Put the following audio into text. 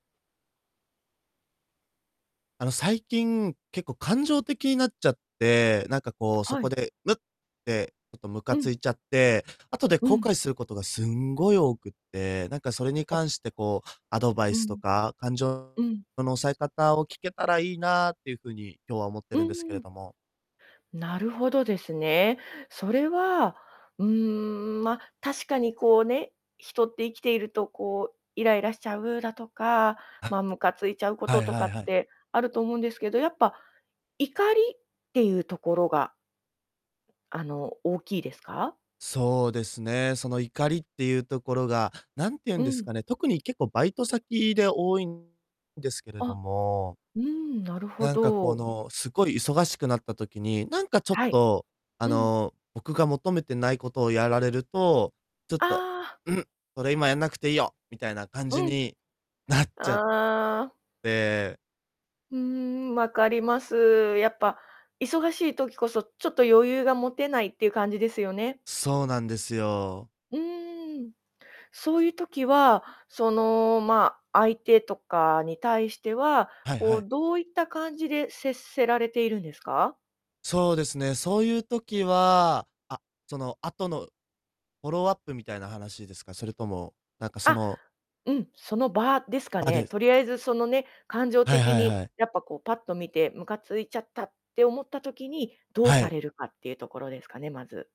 あの、最近、結構感情的になっちゃって、なんか、こう、そはこい。でムッて、ちょっとムカうつん。いちゃって、後でう後ん。悔することがすんごい多くって、なんか、それにあ。関して、こう、アドバイうスとん。か、感情うん。の抑え方を聞けたらいいなっていう風に今日は思ってうるんですけん、うーれん。ども。なるほどですね。それは、うーん、ま、確かにこうね、人って生きていると、こう、イライラしちゃうだとか、はま、ムカついちゃうこはといとはかっいはい。てあると思うんですけど、やっぱ、怒りっていうところがあの、大きいですか？そうですね。その怒りっていうところが、なんて言うんうですん。かね、特に結構バイト先で多いんですけれどあ、も。うーん、なるほなんか、こど。の、すごい忙しくなった時に、なんか、ちょっはい。と、あうん。の、僕が求めてないことをやられると、ちょっとああ。「ん、それ今やんなくていいよ」みたいな感じうになっちゃん。ああ。て。うーん、まかります。やっぱ忙しい時こそ、ちょっと余裕が持てないっていう感じですよね？そうなんですよ。うーん。そういう時は、その、ま、相手とかに対しては、はいこはい。う、どういった感じで接せられているんですか？そうですね。そういう時はあ、その後のフォローアップみたいな話ですか？それとも、なんか、そあ、のうん、その場ですかあ、ね。です。とりあえず、そのね、感情はい的はいにはい。やっぱ、こう、パッと見て、ムカついちゃったって思った時に、どうはさい。れるかっていうところですかね、まず。